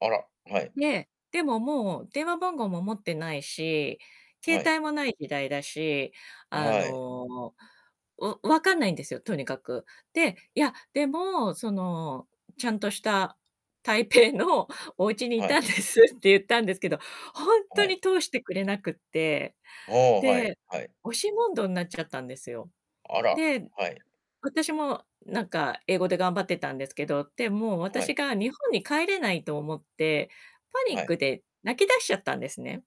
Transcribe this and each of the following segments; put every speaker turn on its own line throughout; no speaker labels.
あら、はい。
で、でももう、電話番号も持ってないし、携
はい。
帯も無い時代だし、
あ、
あ
はい。
の、わ分かんないんですよ、とにかく。で、いや、でも、その「ちゃんとした台北のおうちにい
は
た
い。
んです。」って言ったんですけど、ほんと
はい。
に通してくれなくって、
ああ、はい
で、
はい。
押し問答になっちゃったんですよ。
あら、
で、
はい。
私も、なんか、英語で頑張ってたんですけど、でも、
は
私
い。
が日本に帰れないと思って、パニ
は
ッ
い。
クで泣きだしちゃったんですね。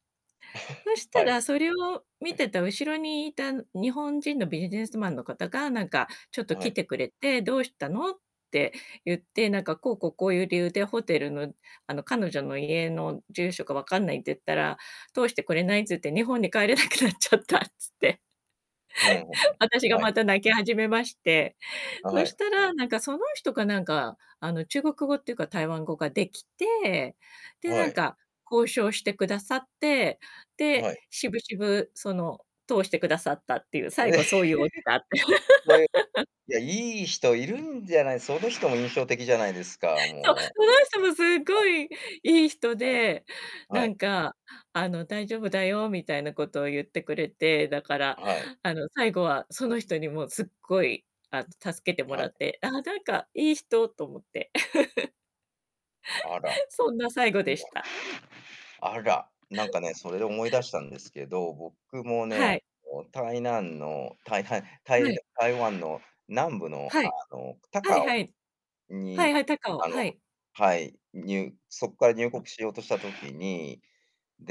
そ した
はい。
ら、それを見
[unintelligible]
てた後ろにいた日本人のビジネスマンの方が、なんかちょっと
は
来
い。
てくれて「どうしたの？」って言って、なんか「こう、こう、こういう理由でホテルのあの、彼女の家の住所がわかんない。」って言ったら「通してくれない。」つって「日本に帰れなくなっちゃった。」つって、
うんうん。
私が
はい。
また泣き始めまして。
あ、
そ
は
し
い。
たら、なんか、その人か、なんか、あの、中国語っていうか台湾語ができて、で、
は
なん
い。
か、交渉してくださって、で、
はい。
渋々、その、通してくださったっていう、最後そういうオチがあって。
そういう いや、良い人いるんじゃない、その人も印象的じゃないですか、
そう。
もう。
その人もすご
[unintelligible]
いいい人
はい、
で、
は
なん
い。
か、あの「大丈夫だよ。」みたいなことを言ってくれて。だから、
あ、はい。
あの、最後はその人にもすっごい、あの、助けても
は
ら
い。
って「ああ、なんかいい人。」と思って。
あら。
そんな最後でした。
あら。なんかね、それで思い出 したんですけど、僕もね、
はい。
あの台湾のたいたいた
は
い
い。
台湾の南部の、
は
あ
い。
の、
はい
高
はい。
雄
はい
に、
はい、高雄、
あの、
はい。
はい、にゅそっから入国しようとした時に、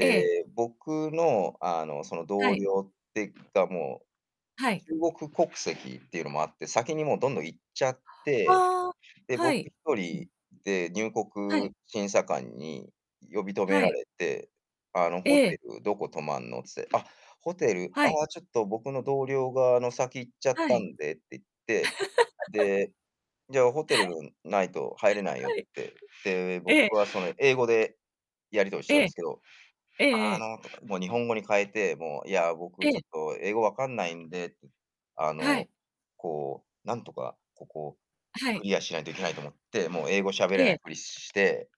ええ。
僕の、あの、その、
は
同
い。
僚ってか、もう、
はい。
中国国籍っていうのもあって、先に、もう、どんどん行っちゃって、
ああ、
で、
は
僕ひ
い。
と
うん。
りで入
はい。
国審査官に呼び止め
は
ら
い。
れて、あの
え
「ホ
え。
テルどこ泊まんの？」つって「あ、ホテル、
は
あ
い。
あ、ちょっと、僕の同僚が、あの、先行っちゃっ
は
た
い。
んで。」って言って、で「じゃあ、ホ テルないと入れないよ。」っ
はい。
て。で、
え
僕
え。
は、その、英語でやり取りし
え
てたんで
え。
すけど、
えええ
あ
え。
の、もう日本語に変えて、もう「いや、
え
僕ちょ
え。
っと英語分かんないんで」あ
は
の、
い。
こう、なんとかここ、
あ、は
ク
い。
リアしないといけないと思って、もう、英語しゃべれ
え
な
え。
いふりして、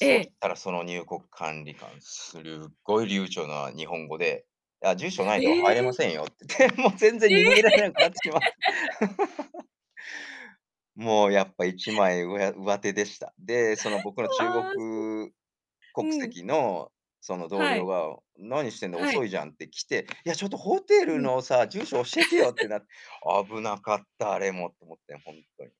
え
し
え。
たら、その入国管理官、するごい流暢な日本語で「あ、住所ないと
え
入れ
え。
ませんよ」って言って、もう全
え
然
え。
逃げられなくなってしまった。もう、やっぱ、一 枚うや上手でした。で、その僕の 中国
ああ、
国
うん。
籍のその同
は
僚
い。
が「何してんの、
はい。
遅いじゃん。」ってきて「いや、ちょっと、ホテル
うん。
のさ、住所教えてよ。」って な。危なかったあれも、と思って、ほんとに。